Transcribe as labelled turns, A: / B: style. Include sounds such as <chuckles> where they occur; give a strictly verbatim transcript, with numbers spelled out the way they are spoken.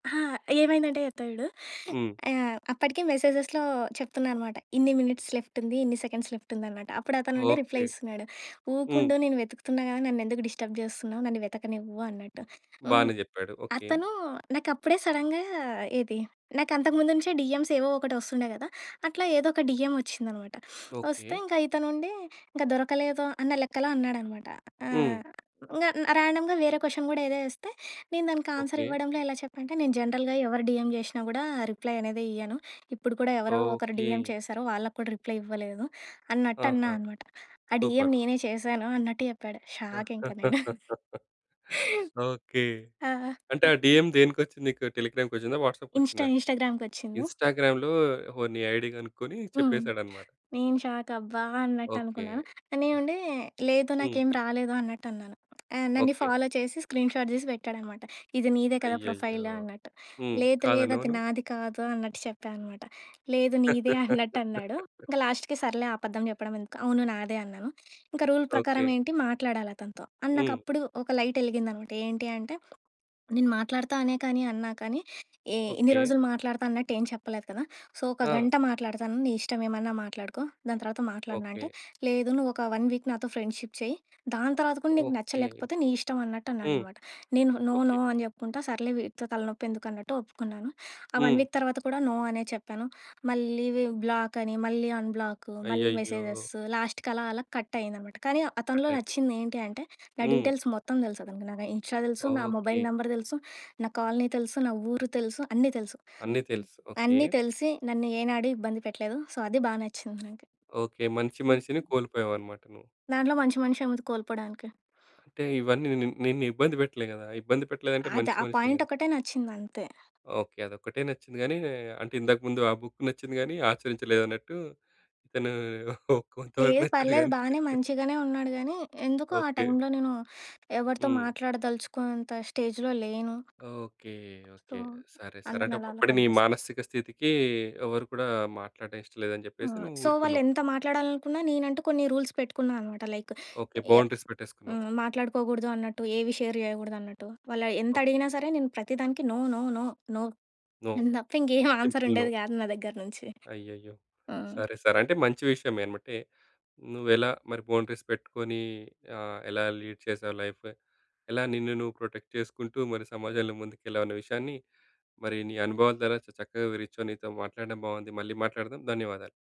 A: ఆ! ఏమైందంటే చెప్తా చూడు.
B: హ్మ్.
A: ఆహ్, అప్పటికే మెసేజెస్‌లో చెప్తున్నా అనమాట. ఇన్ని మినిట్స్ లెఫ్ట్ ఉంది. ఇన్ని సెకండ్స్ లెఫ్ట్ ఉందనమాట. అప్పుడతనుండి రిప్లై
B: ఓకే.
A: ఇస్తున్నాడు.
B: హ్మ్.
A: "ఊకుండు నేను వెతుకుతున్నా కదా! నన్ను ఎందుకు డిస్టర్బ్ చేస్తున్నావు, నన్ను వెతకనివ్వు" అన్నట్టు. హ్మ్.
B: బానే చెప్పాడు. ఓకే.
A: అతను నాకు అప్పుడే సడెన్‌గా ఏది నాకు అంతకు ముందు నుంచే డీఎమ్స్ ఏవో ఒకటి వస్తుండే కదా! అట్లా ఏదో ఒక డీఎం వచ్చిందనమాట. <sniffs> వస్తే
B: ఓకే.
A: ఇతనుండి "ఇంక దొరకలేదు" అన్న లెక్కలో అన్నాడనమాట. ఆ!
B: హ్మ్.
A: ఇంకా ర్యాండమ్‌గా వేరే క్వశ్చన్ కూడా ఏదో వేస్తే నేను దానికి ఆన్స్‌ర్
B: ఓకే.
A: ఇవ్వడంలో ఎలా చెప్పానంటే, నేను జనరల్‌గా ఎవరు డీఎం చేషినా కూడా రిప్లై అనేది ఇయ్యను. ఇప్పుడు కూడా ఎవరో ఒకరు డీఎం
B: ఓకే.
A: చేశారు. వాళ్ళకి కూడా రిప్లై ఇవ్వలేదు. అన్నట్టు అన్నా
B: ఆహా!
A: అనమాట. "ఆ
B: సూపర్.
A: డీఎం నేనే చేశాను" అన్నట్టు చెప్పాడు. షాక్ ఇంకా నేను <chuckles>
B: <laughs> ఓకే.
A: ఆ!
B: అంటే ఆ
A: <unintelligible>
B: డీఎం దేనికొచ్చింది నీకు. టెలిగ్రామ్‌కొచ్చిందా,
A: ఇన్‌స్టా,
B: వాట్సాప్‌కొచ్చిందా,
A: ఇన్‌స్టాగ్రామ్‌కొచ్చింది.
B: ఇన్‌స్టాగ్రామ్‌లో ఓహో! నీ ఐడీ కనుక్కొని
A: హ్మ్.
B: చెప్పేసాడన్నమాట.
A: నేను షాక్ అబ్బా! అన్నట్టు
B: ఓకే.
A: అనుకున్నాను.
B: ఆహ్,
A: నేనుండి లేదు
B: హ్మ్.
A: నాకేం రాలేదు అన్నట్టు అన్నాను. ఆహ్, నన్నీ
B: ఓకే.
A: ఫాలో చేసి స్క్రీన్‌షాట్ తీసి పెట్టాడనమాట. ఇది నీదే కదా!
B: అయ్యయ్యో!
A: ప్రొఫైలు అన్నట్టు.
B: హ్మ్.
A: లేదు, లేదు
B: కాదన్నావా
A: అది
B: నువ్వు?
A: నాది కాదు అన్నట్టు చెప్పా అనమాట. "లేదు నీదే" అన్నట్టు అన్నాడు.
B: <laughs>
A: ఇంకా లాస్ట్‌కి సర్లే అబద్ధం చెప్పడం ఎందుకు, అవును నాదే అన్నాను. ఇంకా రూల్ ప్రకారం
B: ఓకే.
A: ఏంటి మాట్లాడాలి అతనితో. అండ్
B: హ్మ్.
A: నాకప్పుడు ఒక లైట్ ఎలిగిందన్నమాట. ఏంటి అంటే, నేను మాట్లాడుతా అనే కానీ అన్నా కానీ ఏ ఇన్ని
B: ఓకే.
A: రోజులు మాట్లాడతా అన్నట్టు ఏమి చెప్పలేదు కదా! సో, ఒక
B: ఆ!
A: గంట మాట్లాడతాను నీ ఇష్టం ఏమన్నా మాట్లాడుకో దాని తర్వాత మాట్లాడను అంటే,
B: ఓకే.
A: "లేదు నువ్వు ఒక వన్ వీక్ నాతో ఫ్రెండ్‌షిప్ చెయ్యి దాని తరువాత కూడా నీకు
B: ఓకే.
A: నచ్చలేకపోతే నీ ఇష్టం" అన్నట్టు
B: హ్మ్.
A: అన్నాడన్నమాట. నేను నో.
B: ఓకే.
A: నో. అని చెప్పుకుంటా సర్లే వీడితో తలనొప్పి ఎందుకు అన్నట్టు ఒప్పుకున్నాను. ఆ వన్
B: హ్మ్.
A: వీక్ తర్వాత కూడా నో అనే చెప్పాను. మళ్ళీ వి బ్లాక్ అని, మళ్ళీ అన్‌బ్లాకు, మళ్ళీ
B: అయ్యయ్యో!
A: మెసేజెస్సు లాస్ట్‌కలా, అలా కట్ అయిందనమాట. కానీ
B: కట్
A: అతనిలో
B: అయిపోయింది.
A: నచ్చింది ఏంటి అంటే, నా
B: హ్మ్.
A: డీటెయిల్స్ మొత్తం తెలుసు అతనికి. నాకు ఇన్‌స్టా తెలుసు, నా
B: ఓకే.
A: మొబైల్ నంబర్ తెలుసు, నా కాలనీ తెలుసు, నా ఊరు తెలుసు, అన్నీ తెలుసు. అన్నీ
B: అన్ని
A: తెలుసు.
B: తెలుసు. ఓకే.
A: అన్నీ తెలిసి, నన్ను ఏనాడూ ఇబ్బంది పెట్టలేదు. సో, అది బాగా నచ్చింది నాకు.
B: ఓకే. మంచి మనిషిని
A: హుహు.
B: కోల్పోయావన్నమాట నువ్వు.
A: దాంట్లో మంచి మనిషి ఏముంది కోల్పోడానికి.
B: అంటే ఇవన్నీ నిన్ను నిన్ను ఇబ్బంది పెట్టలే కదా! ఇబ్బంది పెట్టలేదంటే
A: అద
B: మంచి
A: ఆ
B: మనిషే
A: పాయింట్
B: కదా!
A: ఒకటే నచ్చిందంతే.
B: ఓకే. అదొక్కటే నచ్చింది కానీ, అంటే ఇందక ముందు ఆ బుక్ నచ్చింది గాని, ఆచరించలేదు అన్నట్టు, ఇతను కొంతవరకు
A: లేదు
B: నచ్చాడు
A: పర్లేదు.
B: గాని
A: బానే మంచిగానే ఉన్నాడు గానీ, ఎందుకో ఆ
B: ఓకే.
A: టైమ్‌లో నేను ఎవరితో
B: హ్మ్.
A: మాట్లాడదలుచుకొంత స్టేజ్‌లో లేను.
B: ఓకే.
A: So,
B: okay. సరే. సరే. అంటే
A: అందరిని అలా అలా
B: ఒకప్పుడు నీ
A: కట్ చేస్తా
B: మానసిక స్థితికి ఎవరు కూడా మాట్లాడడం ఇష్టం లేదు అని
A: ఆ!
B: చెప్పేసి నువ్వు
A: సో, వాళ్ళు
B: ఊరుకున్నావు.
A: ఎంత మాట్లాడాలనుకున్నా నేనంటూ కొన్ని రూల్స్ పెట్టుకున్నా అన్నమాట. Like
B: okay.
A: ఏ
B: బౌండరీస్ పెట్టేసుకున్నావు.
A: హ్మ్. మాట్లాడుకోకూడదు అన్నట్టు, ఏవి షేర్ చేయకూడదు అన్నట్టు. వాళ్ళు ఎంత అడిగినా
B: ఓకే.
A: సరే నేను ప్రతి దానికి no. No. No. No.
B: No.
A: Nothing <chuckles> ఏ ఆన్సర్
B: సింపుల్ నో.
A: ఉండేది కాదు నా దగ్గర నుంచి.
B: అయ్యయ్యో!
A: హ్మ్.
B: సరే. సరే. అంటే మంచి విషయమేమటే, నువ్వు ఎలా మరి బౌండరీస్ పెట్టుకొని ఆహ్, ఎలా లీడ్ చేసావు లైఫ్. ఎలా నిన్ను నువ్వు ప్రొటెక్ట్ చేసుకుంటూ, మరి సమాజంలో ముందుకెళ్ళావనే విషయాన్ని, మరి నీ అనుభవాల ద్వారా చ చక్కగా వివరించావు. నీతో మాట్లాడడం బాగుంది. మళ్ళీ మాట్లాడదాం. ధన్యవాదాలు.